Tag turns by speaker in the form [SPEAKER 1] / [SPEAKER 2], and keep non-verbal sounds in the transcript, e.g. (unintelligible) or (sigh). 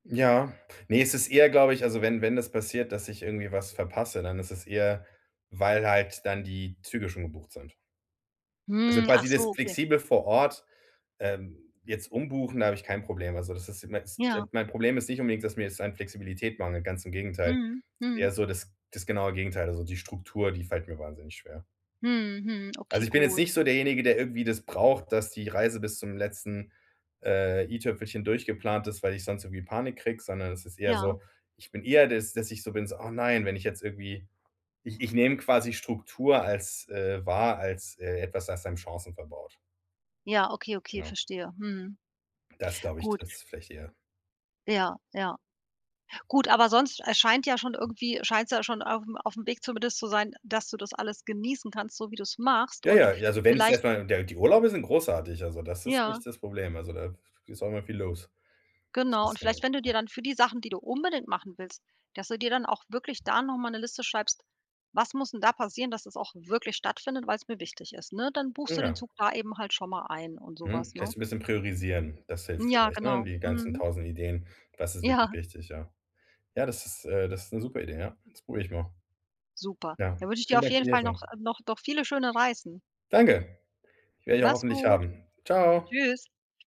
[SPEAKER 1] Ja. Ne, es ist eher, glaube ich also, wenn wenn das passiert, dass ich irgendwie was verpasse, dann ist es eher, weil halt dann die Züge schon gebucht sind. Also
[SPEAKER 2] Hm,
[SPEAKER 1] quasi
[SPEAKER 2] achso,
[SPEAKER 1] das
[SPEAKER 2] okay.
[SPEAKER 1] flexibel vor Ort, ähm, jetzt umbuchen, da habe ich kein Problem. Also, das ist
[SPEAKER 2] Ja.
[SPEAKER 1] (unintelligible) mein Problem ist nicht unbedingt, dass mir es an Flexibilität mangelt, ganz im Gegenteil.
[SPEAKER 2] Mhm,
[SPEAKER 1] Eher
[SPEAKER 2] mhm.
[SPEAKER 1] so das das genaue Gegenteil. Also, die Struktur, die fällt mir wahnsinnig schwer.
[SPEAKER 2] Mhm, mhm.
[SPEAKER 1] Also,
[SPEAKER 2] Okay,
[SPEAKER 1] ich bin jetzt
[SPEAKER 2] gut.
[SPEAKER 1] nicht so derjenige, der irgendwie das braucht, dass die Reise bis zum letzten, äh, i-Tüpfelchen durchgeplant ist, weil ich sonst irgendwie Panik kriege, sondern das ist eher
[SPEAKER 2] Ja.
[SPEAKER 1] so, ich bin eher dass dass ich so bin so: „Oh nein.“ wenn ich jetzt irgendwie ich ich nehme quasi Struktur als, äh, wahr als, äh, etwas das einem Chancen verbaut.
[SPEAKER 2] Ja, okay, okay,
[SPEAKER 1] Genau.
[SPEAKER 2] verstehe. Mhm.
[SPEAKER 1] Das glaube ich,
[SPEAKER 2] Gut.
[SPEAKER 1] trifft es vielleicht eher.
[SPEAKER 2] Ja, ja. Gut, aber sonst, äh, scheint ja schon irgendwie scheinst du ja schon auf auf'm Weg zumindest zu sein, dass du das alles genießen kannst, so wie du's machst
[SPEAKER 1] Ja
[SPEAKER 2] und
[SPEAKER 1] ja, ja, also, wenn ich es
[SPEAKER 2] vielleicht
[SPEAKER 1] erst mal ja, die Urlaube sind großartig, also, das ist
[SPEAKER 2] Ja.
[SPEAKER 1] nicht das Problem, also, da ist auch immer viel los.
[SPEAKER 2] Genau
[SPEAKER 1] Ganz
[SPEAKER 2] und vielleicht
[SPEAKER 1] genau.
[SPEAKER 2] wenn du dir dann für die Sachen, die du unbedingt machen willst, dass du dir dann auch wirklich da noch mal 'ne Liste schreibst: „Was muss denn da passieren, dass das auch wirklich stattfindet, weil's mir wichtig ist“, ne? Dann buchst du den
[SPEAKER 1] Ja.
[SPEAKER 2] Zug da eben halt schon mal ein und so
[SPEAKER 1] Mhm.
[SPEAKER 2] was, ne?
[SPEAKER 1] Vielleicht so 'n bisschen priorisieren, das hilft
[SPEAKER 2] Ja,
[SPEAKER 1] vielleicht, ne,
[SPEAKER 2] genau.
[SPEAKER 1] die ganzen
[SPEAKER 2] Mhm.
[SPEAKER 1] 1.000 Ideen. Das ist wirklich
[SPEAKER 2] Ja.
[SPEAKER 1] wichtig, ja. Ja, das ist, äh das ist 'ne super Idee, ja. Das probiere ich mal.
[SPEAKER 2] Super.
[SPEAKER 1] Ja,
[SPEAKER 2] Dann wünsche ich dir
[SPEAKER 1] vielen
[SPEAKER 2] auf
[SPEAKER 1] Dank für
[SPEAKER 2] jeden
[SPEAKER 1] die
[SPEAKER 2] Fall
[SPEAKER 1] Hilfe.
[SPEAKER 2] noch noch noch viele schöne Reisen.
[SPEAKER 1] Danke. Werde ich ja
[SPEAKER 2] Mach's
[SPEAKER 1] hoffentlich
[SPEAKER 2] gut.
[SPEAKER 1] haben. Ciao.
[SPEAKER 2] Tschüss.